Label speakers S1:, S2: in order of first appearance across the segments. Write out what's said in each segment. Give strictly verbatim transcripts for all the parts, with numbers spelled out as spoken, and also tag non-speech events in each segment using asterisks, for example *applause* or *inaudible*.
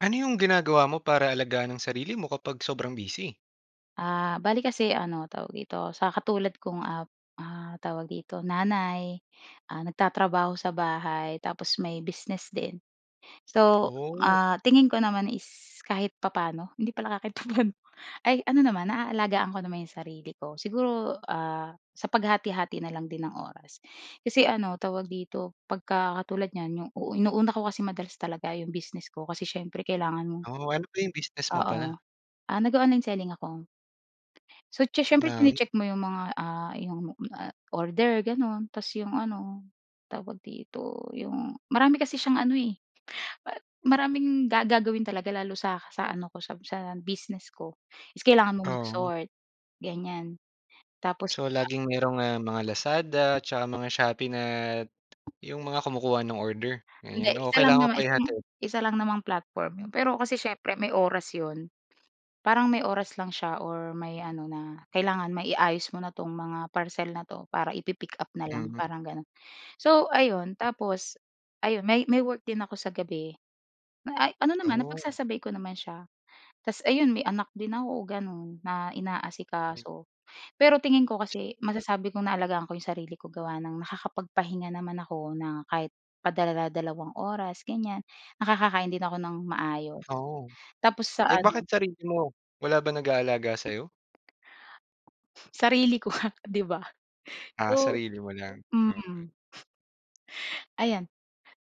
S1: Ano yung ginagawa mo para alagaan ang sarili mo kapag sobrang busy?
S2: Ah, bale kasi ano, tawag dito? Sa katulad kong, ah, ah, tawag dito? Nanay, ah, nagtatrabaho sa bahay tapos may business din. So,
S1: Oh.
S2: ah, tingin ko naman is kahit papa'no, hindi pala kahit papa'no, ay ano naman, naaalagaan ko naman 'yong sarili ko. Siguro, ah, sa paghati-hati na lang din ng oras. Kasi ano, tawag dito? Pagka katulad niyan, 'yong inuuna ko kasi madalas talaga 'yong business ko kasi syempre kailangan mo.
S1: Oh, ano ba 'yong business mo
S2: Oo.
S1: pala?
S2: Ah, nag-o-online selling ako. So, siye siyempre
S1: Ng?
S2: chini-check mo 'yong mga, ah, 'yong, ah, order, gano'n. Tapos 'yong ano, tawag dito? 'Yong marami kasi siyang ano, eh, ma maraming gagawin talaga lalo sa sa ano ko, sa sa business ko. Tapos kailangan mong
S1: Oh.
S2: mag-sort, ganyan. Tapos,
S1: So,
S2: ah
S1: laging mayro'ng, ah, mga Lazada 'tsaka mga Shopee na 'yong mga kumukuha ng order,
S2: Hindi,
S1: ganyan o
S2: isa lang
S1: kailangan mo
S2: naman
S1: pa
S2: isang
S1: ihatid?
S2: isa lang namang platform 'yon. Pero kasi siyempre may oras 'yon, parang may oras lang siya or may ano na kailangan maiayos mo na 'tong mga parcel na 'to para ipi-pick-up na lang,
S1: Mhm.
S2: parang gano'n. So ayun, tapos ayun may may work din ako sa gabi, ay ano naman
S1: Oh.
S2: napagsasabay ko naman siya. Tapos ayun may anak din ako, gano'n, na
S1: M
S2: inaasikaso. Pero tingin ko kasi masasabi kong naalagaan ko 'yong sarili ko gawa ng nakakapagpahinga naman ako na kahit padala-dalawang oras, ganyan, nakakakain din ako ng maayos.
S1: Oo.
S2: Tapos sa
S1: Eh,
S2: ano
S1: bakit sarili mo? Wala bang nag-aalaga sa'yo?
S2: Sarili ko nga, di ba?
S1: Ah,
S2: So
S1: sarili mo lang, okey.
S2: mm. Ayan.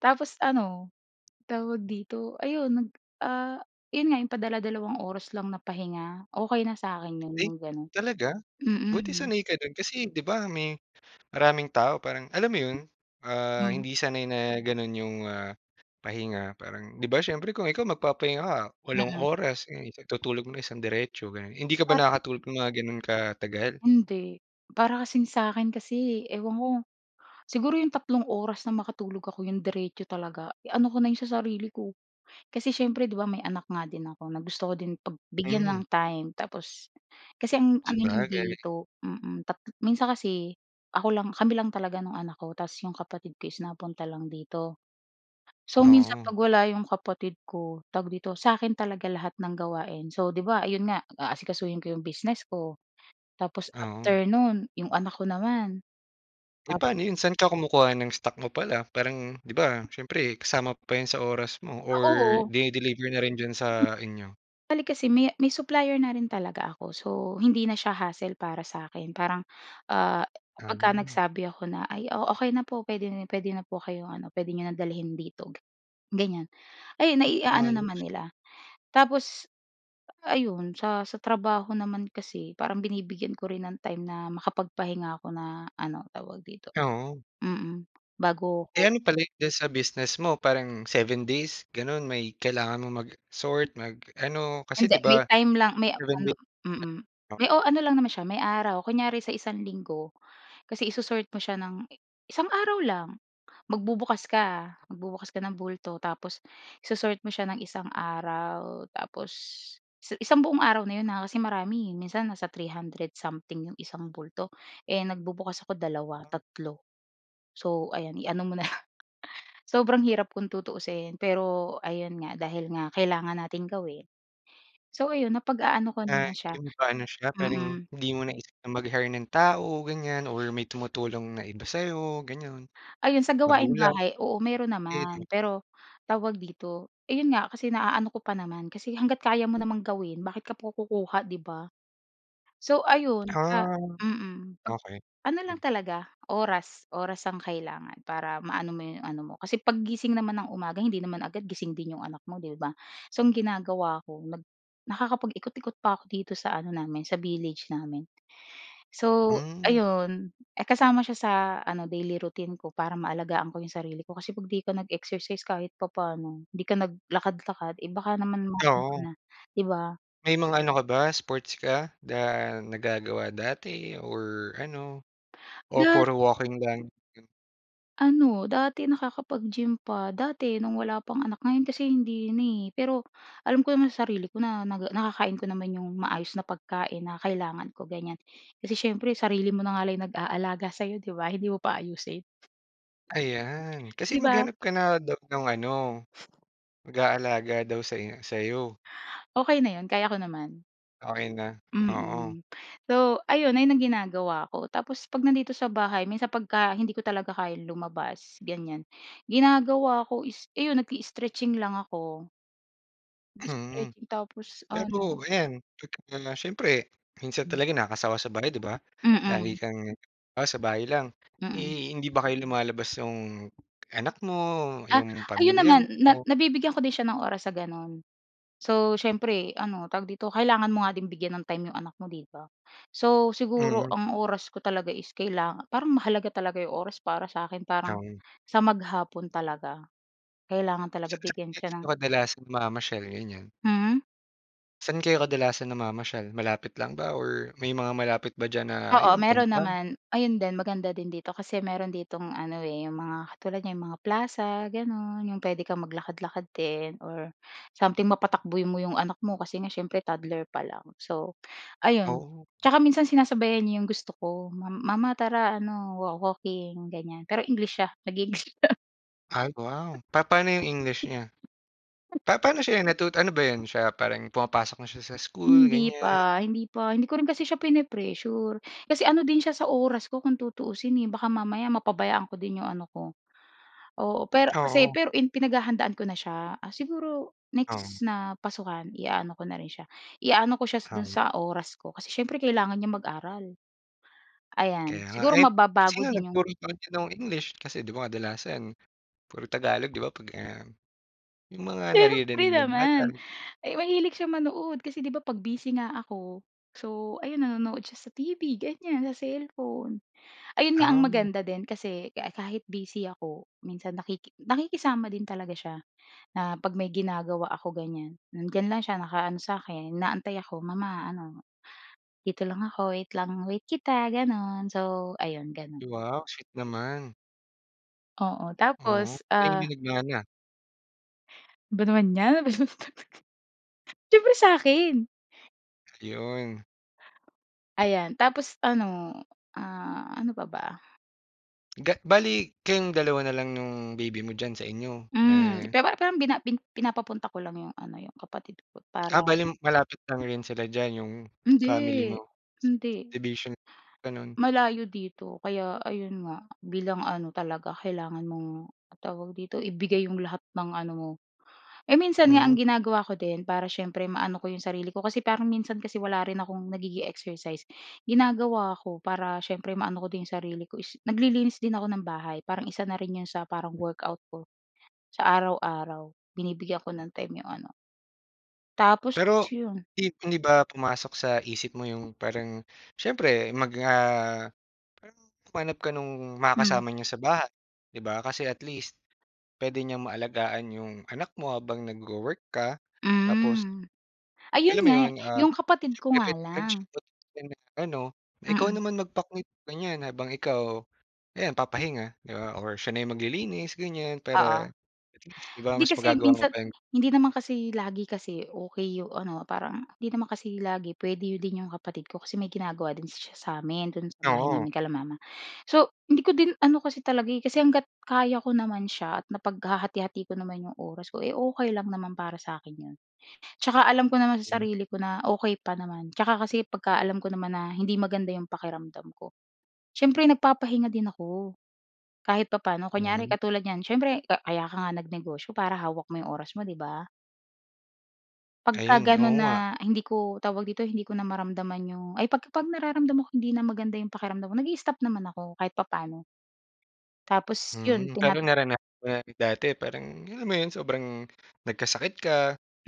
S2: Tapos ano, tawag dito, ayun nag, ah, yun nga yung padala-dalawang oras lang na pahinga, okey na sa'kin yun,
S1: Ay
S2: yung ganun.
S1: talaga? Buti
S2: Mm.
S1: sanay ka do'n. Kasi 'di ba may maraming tao parang alam mo 'yon, ah,
S2: Hmm.
S1: hindi sanay na gano'n 'yong, ah, pahinga. Parang 'di ba siyempre kung ikaw magpapahinga ka, walong
S2: Mm.
S1: oras 'yan, itutulog mo ng isang diretso, ganyan. Hindi ka ba
S2: Para
S1: nakakatulog ng mga gano'n katagal?
S2: Hindi. Para kasing sa'kin kasi, eh, ewan ko. Siguro 'yong tatlong oras na makatulog ako, 'yong diretso talaga, ano ko na 'yon sa sarili ko. Kasi siyempre 'di ba may anak nga din ako na gusto ko din pag bigyan
S1: Hmm.
S2: ng time. Tapos kasi ang ano niyan
S1: Sabagay.
S2: dito mm. Tat minsan kasi ako lang kami lang talaga nung anak ko tapos 'yong kapatid ko is napunta lang dito. So, minsan
S1: Oo.
S2: pag wala 'yong kapatid ko, tawag dito, sa'kin talaga lahat ng gawain. So, 'di ba, ayun nga, aasikasuhin ko 'yong business ko tapos
S1: Oo.
S2: after no'n, 'yong anak ko naman.
S1: Eh,
S2: Tapos
S1: pa'no 'yon? Saan ka kumukuha ng stock mo pala? Parang 'di ba siyempre kasama pa 'yan sa oras mo
S2: Ah,
S1: or
S2: oo.
S1: dini-deliver na rin diyan sa inyo?
S2: Bale, kasi may may supplier na rin talaga ako. So, hindi na siya hassle para sa'kin. Parang, ah, pagka
S1: Ah.
S2: nagsabi ako na, "Ay, oo, okey na po. Puwede puwede na po kayong ano, puwede niyo nang dalhin dito," ganyan, ayun,
S1: Hmm,
S2: nai-aano naman
S1: maayos.
S2: nila. Tapos ayun sa sa trabaho naman kasi parang binibigyan ko rin ng time na makapag-pahinga ako na ano, tawag dito?
S1: Oo.
S2: Mm, bago
S1: Eh,
S2: ko
S1: ano pala 'yan diyan sa business mo, parang seven days gano'n may kailangan mong mag-sort, mag-ano, kasi
S2: Hindi,
S1: 'di
S2: may
S1: ba
S2: time lang may
S1: seven
S2: ano
S1: days
S2: mm.
S1: *unintelligible*
S2: May o ano lang naman siya, may araw, kunyari sa isang linggo kasi iso-sort mo siya ng isang araw lang. Magbubukas ka, magbubukas ka ng bulto tapos iso-sort mo siya ng isang araw tapos i isang buong araw na 'yon ha, kasi marami, eh. Minsan nasa three hundred something 'yong isang bulto. Eh, nagbubukas ako dalawa,
S1: Wow.
S2: tatlo. So, ayan i-ano mo na lang. Sobrang hirap kung tutuusin, pero ayun nga dahil nga kailangan nating gawin so, ayun napag-aano ko
S1: Ah,
S2: naman siya
S1: 'yon pa'no siya parang
S2: mm.
S1: hindi mo naisip na mag-hire ng tao, ganyan or may tumutulong na iba sa'yo, ganun.
S2: Ayun, sa gawaing
S1: Magulang?
S2: bahay, oo, meron
S1: Kapatid?
S2: naman. Pero tawag dito, ayun nga kasi naaano ko pa naman. Kasi hangga't kaya mo namang gawin, bakit ka pa kukuha, 'di ba? So, ayun sa
S1: Ah.
S2: mm.
S1: Okey,
S2: Pag-ano lang
S1: ganun.
S2: talaga, oras oras ang kailangan para ma-ano mo 'yong ano mo. Kasi paggising naman ng umaga hindi naman agad gising din 'yong anak mo, 'di ba? So, ang ginagawa ako nag nakakapag-ikot-ikot pa ako dito sa ano namin, sa village namin. So,
S1: Hmm.
S2: ayun, eh, kasama siya sa ano, daily routine ko para maalagaan ko 'yong sarili ko kasi 'pag 'di ka nag-exercise kahit papa'no, 'di ka naglakad-lakad, eh, baka naman ma ano ka
S1: Oo.
S2: na, 'di ba?
S1: May mga ano ka ba sports ka na nagagawa dati or ano o
S2: Dat
S1: puro walking lang gano'n?
S2: Ano, dati nakakapag-gym pa. Dati no'ng wala pang anak, ngayon kasi hindi na eh. Pero alam ko naman sa sarili ko na naga nakakain ko naman 'yong maayos na pagkain na kailangan ko, ganyan. Kasi siyempre sarili mo na nga lang nag-aalaga sa 'yo 'di ba, hindi mo pa ayusin?
S1: Ayan kasi
S2: 'Di ba?
S1: maghanap ka na daw ng ano, mag-aalaga daw say sa 'yo.
S2: Okey na yun, kaya ko naman.
S1: Okey na, oo.
S2: Mm. So, ayun. Ayun ang ginagawa ko. Tapos 'pag nandito sa bahay minsan pagka hindi ko talaga kayang lumabas, ganyan. Ginagawa ko is iyon nag-i-stretching lang ako.
S1: Hmm.
S2: Nag-stretching tapos
S1: Pero
S2: ano
S1: ayan, *unintelligible* muna siyempre minsan
S2: Mm.
S1: talaga nakakasawa sa bahay 'di ba? Lagi
S2: Mm.
S1: kang, ah, sa bahay lang.
S2: Mm.
S1: Eh, hindi ba kayo lumalabas 'yong anak mo,
S2: Ah.
S1: 'yong
S2: Ayun
S1: pamilya
S2: naman na
S1: mo?
S2: nabibigyan ko din siya ng oras sa gano'n. So, siyempre ano, tawag dito kailangan mo nga din bigyan ng time 'yong anak mo, 'di ba? So, siguro
S1: Mm.
S2: ang oras ko talaga is kailanga parang mahalaga talaga 'yong oras para sa 'kin, parang
S1: Um.
S2: sa maghapon talaga. Kailangan talaga
S1: Saan-saan
S2: bigyan siya
S1: kayo
S2: ng
S1: kadalasan namamasyal, ganyan?
S2: Hmm?
S1: Saan kayo kadalasan namamasyal malapit lang ba or may mga malapit ba diyan na
S2: Oo,
S1: ayun
S2: meron
S1: punta?
S2: naman. Ayon din maganda din dito kasi meron ditong ano, eh, yung mga katulad niyan yung mga plaza gano'n, yung pwede kang maglakad-lakad din or something mapatakbo mo yung anak mo kasi nga syempre toddler pa lang so, ayun.
S1: Oh!
S2: Tsaka minsan sinasabayan niya yung gusto ko, "Mam mama tara ano wo-walking." ganyan pero, English siya nag-i-English siya.
S1: Ay wow! Papano yung English niya? Pa paano sya yung natuto ano ba 'yan siya parang pumapasok na siya sa school,
S2: Hindi
S1: ganyan?
S2: pa, hindi pa. Hindi ko rin kasi siya pine-pressure kasi ano din siya sa oras ko kung tutuusin, eh, baka mamaya mapabayaan ko din yung ano ko, oo. Pero ano kasi
S1: Oo.
S2: pero pinaghahandaan ko na siya, ah, siguro next
S1: Oo.
S2: na pasukan i-aano ko na rin siya i-aano ko siya do'n
S1: Oo.
S2: sa oras ko. Kasi siyempre kailangan niyang mag-aral, ayan.
S1: Kaya nga.
S2: Siguro
S1: Eh,
S2: mababago
S1: sino
S2: din yung
S1: nagturo sa kanya nung English? Kasi 'di ba kadalasan puro Tagalog 'di ba pag, um, yung mga naririnig
S2: Siyempre
S1: ng bata.
S2: naman, ay mahilig siya manood kasi 'di ba 'pag busy nga ako so, ayun nanonood siya sa T-V ganyan, sa cellphone. Ayun nga ang
S1: Ah.
S2: maganda din kasi ka-kahit busy ako minsan nakiki nakikisama din talaga siya na 'pag may ginagawa ako ganyan, hmm, nandiyan lang siya nakaano sa 'kin inaantay ako, mama ano, dito lang ako wait lang wait kita ganon. So, ayun ganon.
S1: Wow! Sweet naman.
S2: Oo,
S1: Oh,
S2: tapos,
S1: kanino
S2: ah
S1: nagmana?
S2: 'Ba naman 'yan? *laughs* Siyempre sa'kin!
S1: Ayun.
S2: Ayan. Tapos, ano, ah, ano pa ba?
S1: Ga bale, kayong dalawa na lang nung baby mo diyan sa inyo?
S2: Mhm.
S1: Eh
S2: Pero parang bina pi pinapapunta ko lang yung ano, yung kapatid ko
S1: Ah,
S2: para
S1: bale malapit lang rin sila diyan yung family mo,
S2: Hindi,
S1: sa
S2: hindi.
S1: subdivision, gano'n.
S2: Malayo dito kaya ayun nga, bilang ano talaga kailangan mong tawag dito? Ibigay yung lahat ng ano mo. Eh, minsan nga ang
S1: Hmm.
S2: ginagawa ko din para siyempre maano ko yung sarili ko, kasi parang minsan kasi wala rin akong nagiging exercise. Ginagawa ko para siyempre maano ko din yung sarili ko is naglilinis din ako ng bahay. Parang isa na rin yung sa parang workout ko sa araw-araw. Binibigyan ko ng time yung ano tapos
S1: Pero
S2: yun.
S1: 'di hindi ba pumasok sa isip mo yung parang siyempre mag, ah, parang humanap ka nung
S2: Hmm.
S1: makakasama niyo sa bahay, 'di ba, kasi at least puwede niyang maalagaan yung anak mo habang nagwo-work ka tapos
S2: Hmm. Ayun
S1: alam mo
S2: nga,
S1: 'yon, ah,
S2: yung kapatid ko
S1: siyempre
S2: nga lang.
S1: *unintelligible* ano, ikaw
S2: Mm.
S1: naman magpa *unintelligible* ng ganyan habang ikaw ayan, papahinga 'di ba or siya na yung maglilinis, ganyan
S2: Oo.
S1: para at least 'di ba
S2: 'Di
S1: mas
S2: kasi
S1: magagawa mo
S2: minsan
S1: pa yung
S2: hindi naman kasi lagi kasi okey yung ano, parang hindi naman kasi lagi puwede din yung kapatid ko kasi may ginagawa din siya sa'min, do'n sa bahay
S1: Oo.
S2: namin, kila mama. So, hindi ko din ano kasi talaga, eh, kasi hangga't kaya ko naman siya at napaghahati-hati ko naman yung oras ko, eh, okey lang naman para sa akin 'yon. Tsaka alam ko naman sa sarili ko na okey pa naman. Tsaka kasi 'pagka alam ko naman na hindi maganda yung pakiramdam ko, siyempre nagpapahinga din ako, kahit papaano. Kunyari
S1: Hmm.
S2: katulad niyan, siyempre ka kaya ka nga nag-negosyo para hawak mo yung oras mo, 'di ba? Pagka
S1: Ayun,
S2: gano'n
S1: oo nga.
S2: na hindi ko, tawag dito hindi ko na maramdaman 'yong ay, 'pag pag nararamdaman ko hindi na maganda 'yong pakiramdam ko nag-i-stop naman ako kahit papaano. Tapos, 'yun
S1: Mhm,
S2: tina
S1: pero naranasan mo na dati parang alam mo 'yon sobrang nagkasakit ka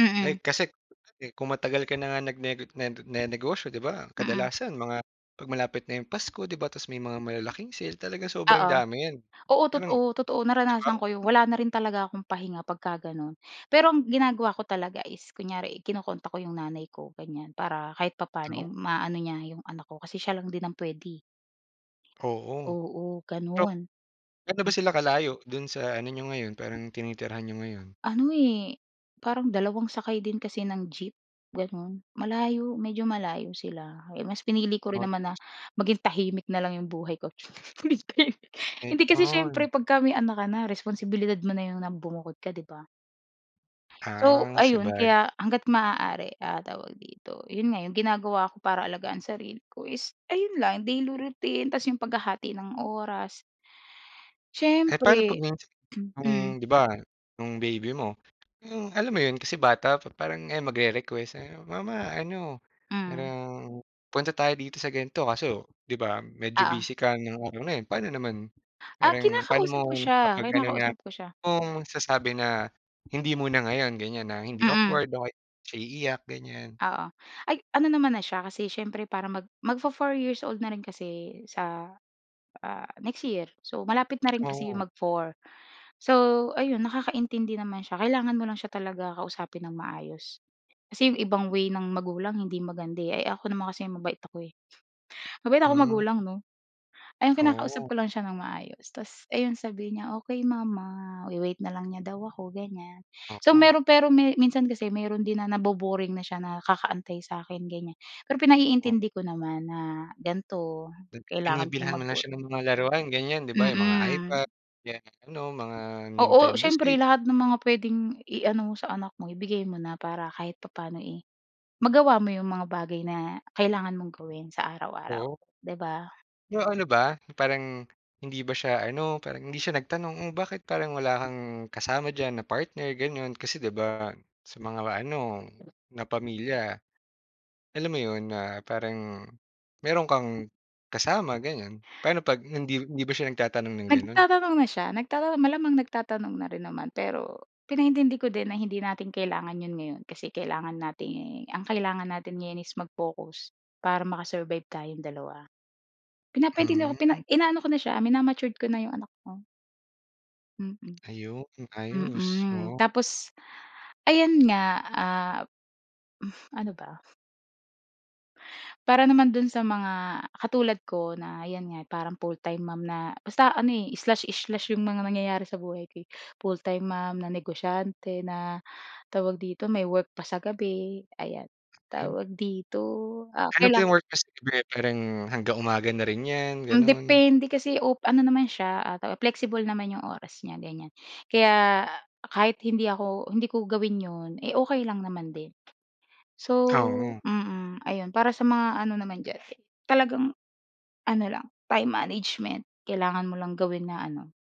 S2: Mm.
S1: like kasi kung matagal ka na nga nag nene nagnenegosyo 'di ba
S2: Mm.
S1: kadalasan mga 'pag malapit na 'yong Pasko 'di ba tapos may mga malalaking sale talagang sobrang
S2: Oo.
S1: dami 'yan.
S2: Oo,
S1: Parang
S2: totoo, totoo
S1: 'di
S2: naranasan ko
S1: ba?
S2: 'yon wala na rin talaga akong pahinga pagka gano'n. Pero ang ginagawa ko talaga is kunyari kino-contact ko 'yong nanay ko ganyan para kahit papaano, eh,
S1: *unintelligible*
S2: maano niya 'yong anak ko kasi siya lang din ang puwede, eh.
S1: Oo.
S2: Oo,
S1: So,
S2: gano'n.
S1: gaano ba
S2: M
S1: sila kalayo do'n sa ano n'yo ngayon parang tinitirahan n'yo ngayon?
S2: Ano, eh, parang dalawang sakay din kasi ng jeep, gano'n malayo medyo malayo sila kaya mas pinili ko rin naman
S1: Okey.
S2: na maging tahimik na lang 'yong buhay ko, *unintelligible* hindi, kasi siyempre
S1: *unintelligible*
S2: 'pagka may anak ka na responsibilidad mo na 'yon na bumukod ka 'di ba? So
S1: Ah,
S2: ayun
S1: sabag
S2: kaya, hangga't maaari, ah, tawag dito? 'Yun nga yung ginagawa ko para alagaan sarili ko is ayun lang daily routine ta's yung paghahati ng oras
S1: Eh, paano 'pag
S2: siyempre,
S1: minsan
S2: mm.
S1: kung 'di ba nung baby mo, eh, alam mo 'yon, kasi bata pa parang ayan magre-request ayan, "mama ano,
S2: Hmm.
S1: parang punta tayo dito sa gan'to" kaso 'di ba medyo
S2: Oo.
S1: busy ka ng araw na 'yon, paano naman
S2: Ah,
S1: parang paano mo,
S2: kinakausap ko siya
S1: kapag gano'n na
S2: kinakausap ko siya.
S1: kung magsasabi na hindi muna ngayon ganyan na hindi
S2: Mm.
S1: awkward o kaya di siya iiyak ganyan?
S2: Oo, ay ano naman na siya kasi siyempre para mag magfo-four years old na rin kasi sa, ah, next year so malapit na rin kasi
S1: Oo.
S2: mag-four so ayun nakakaintindi naman siya kailangan mo lang siya talaga kausapin ng maayos. Kasi 'yong ibang way ng magulang hindi maganda, eh. Eh, ako naman kasi mabait ako, eh, mabait akong
S1: Hmm.
S2: magulang 'no. Ayun
S1: *smacks lips*
S2: kinakausap
S1: Oh.
S2: ko lang siya ng maayos tapos 'yon sabihin niya, "Okey mama" we-wait na lang niya daw ako ganyan. So
S1: Oo.
S2: mayro'n pero me minsan kasi mayro'n din na nabo-boring na siya na kakaantay sa akin ganyan, pero
S1: Oh?
S2: pinaiintindi ko naman na gan'to,
S1: Nag
S2: kailangan kong
S1: binibilhan mo na
S2: mag-work.
S1: siya ng mga laruan ganyan 'di ba, yung mga
S2: Mm.
S1: iPad, yan ano
S2: *smacks lips*
S1: mga
S2: Oo
S1: Nintendo
S2: siyempre,
S1: Switch.
S2: lahat ng mga puwedeng i-ano mo sa anak mo ibigay mo na para kahit papaano, eh, magawa mo yung mga bagay na kailangan mong gawin sa araw-araw,
S1: Oo.
S2: 'di ba?
S1: 'Yong ano ba, parang hindi ba sya, ano, parang hindi sya nagtanong, "Oh, bakit parang wala kang kasama dyan na partner?" Gano'n. Kasi, 'di ba, sa mga ma-ano na pamilya, alam mo 'yon, na parang mayro'n kang kasama, gano'n. Paano pag hindi hindi ba sya nagtatanong ng gano'n?
S2: Nagtatanong na siya nagtatan malamang nagtatanong na rin naman. Pero pinaintindi ko din na hindi natin kailangan 'yon ngayon kasi, kailangan natin, eh, ang kailangan natin ngayon is mag-focus para maka-survive tayong dalawa. Pinapaintindi ko pina
S1: Hmm.
S2: inaano ko na siya, mina-matured ko na 'yong anak ko. Mm.
S1: Ayun, ayos.
S2: Mm.
S1: Oo.
S2: Tapos, ayan nga, ah, ano ba? Para naman do'n sa mga katulad ko na, yan nga, parang full-time mom na basta ano, eh, slash-slash 'yong mga nangyayari sa buhay ko, eh. Full-time mom na negosyante na, tawag dito, may work pa sa gabi, ayan.
S1: Hmm.
S2: Tawag dito, ah,
S1: Ano ba
S2: kailang
S1: 'yong work mo sa gabi? Parang hanggang umaga na rin 'yan,
S2: Hmm,
S1: gano'n?
S2: depende kasi, op ano naman siya, ah, flexible naman 'yong oras niya, ganiyan. Kaya kahit hindi ako, hindi ko gawin 'yon, eh, okey lang naman din. So
S1: Oo.
S2: mm, ayun. Para sa mga ano naman diyan talagang, ano lang, time management. Kailangan mo lang gawin na ano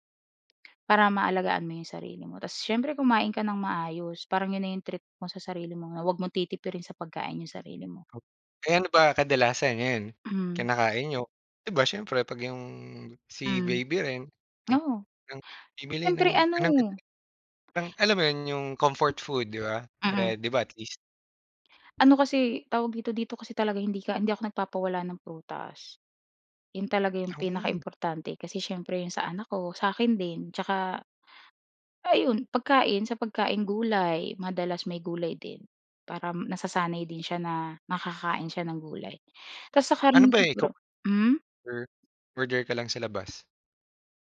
S2: para maalagaan mo 'yong sarili mo. Tas siyempre kumain ka nang maayos, parang 'yon na 'yong treat mo sa sarili mo na wag mong titipirin sa pagkain 'yong sarili mo.
S1: Eh, ano ba kadalasan ngayon,
S2: Hmm.
S1: kinakain niyo? 'Di ba siyempre 'pag 'yong si
S2: Hmm.
S1: baby rin nag
S2: Oo.
S1: ng bibili
S2: Siyempre,
S1: ng
S2: ano
S1: ng *unintelligible* ng alam mo 'yon, 'yong comfort food, 'di ba?
S2: Mm.
S1: Para, 'di ba, at least
S2: Ano kasi, tawag dito, dito kasi talaga hindi ka hindi ako nagpapawala ng prutas. 'Yon talaga 'yong
S1: Ooh.
S2: pinaka-importante kasi siyempre 'yong sa anak ko, sa 'kin din tsaka, ayun pagkain, sa pagkaing gulay, madalas may gulay din para, nasasanay din siya na nakakain siya ng gulay. Tas sa
S1: Ano
S2: karne
S1: ba, eh, ikaw
S2: siguro hmm?
S1: or order ka lang sa labas?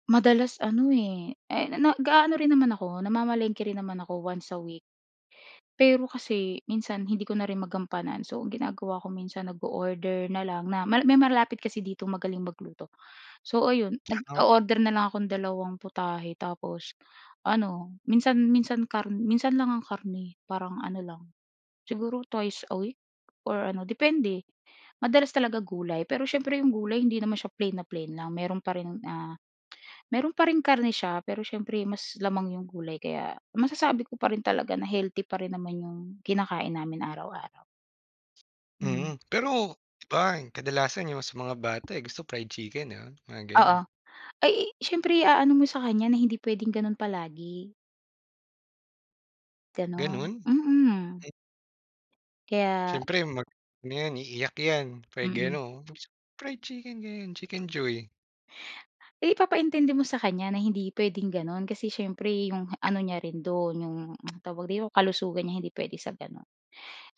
S2: Madalas ano, eh, eh, na, nag-aano rin naman ako, namamalengke rin naman ako once a week. Pero kasi minsan hindi ko na rin magampanan so ang ginagawa ko minsan nag-o-order na lang na ma, may malapit kasi dito magaling magluto. So ayun,
S1: Ang
S2: nag-o-order na lang akong dalawang putahe tapos, ano minsan, minsan kar minsan lang ang karne parang ano lang, siguro twice a week or ano depende. Madalas talaga gulay pero siyempre 'yong gulay hindi naman siya plain na plain lang meron pa rin, ah, meron pa ring karne siya pero siyempre mas lamang yung gulay kaya masasabi ko pa rin talaga na healthy pa rin naman yung kinakain namin araw-araw. Hmm.
S1: Mhm. Pero, 'di ba yung kadalasan yung sa mga bata, eh, gusto fried chicken ayun, mga
S2: Oo.
S1: ganun.
S2: Ay siyempre i-aano mo sa kanya na hindi pwedeng ganun palagi. Ganon,
S1: Ganun?
S2: mm.
S1: Eh.
S2: Kaya
S1: Siyempre, mag-ano yan, iiyak yan, fried
S2: Mm.
S1: ganon, fried chicken ganyan, chicken joy.
S2: Ipapaintindi mo sa kanya na hindi puwedeng gano'n. Kasi siyempre 'yong ano niya rin do'n, 'yong, tawag dito, kalusugan niya hindi puwede sa gano'n.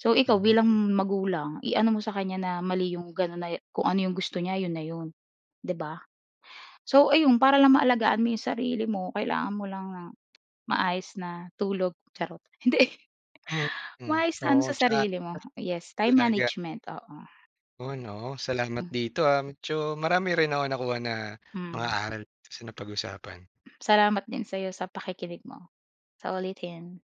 S2: So ikaw bilang
S1: Hmm.
S2: magulang i-ano mo sa kanya na mali 'yong gano'n na e, kung ano 'yong gusto niya 'yon na 'yon, 'di ba? So ayun para lang maalagaan mo yung sarili mo kailangan mo lang ng maayos na tulog, charot, hindi.
S1: Mhm.
S2: Maayos na ano
S1: Oo,
S2: sa
S1: tsaka.
S2: sarili mo, yes,
S1: Ta
S2: time
S1: talaga.
S2: management, oo.
S1: Oo 'no, salamat
S2: Hm.
S1: dito, ah. Medyo marami rin ako nakuha na mga
S2: Hmm.
S1: aral sa napag-usapan.
S2: Salamat din sayo sa pakikinig mo. Sa uulitin.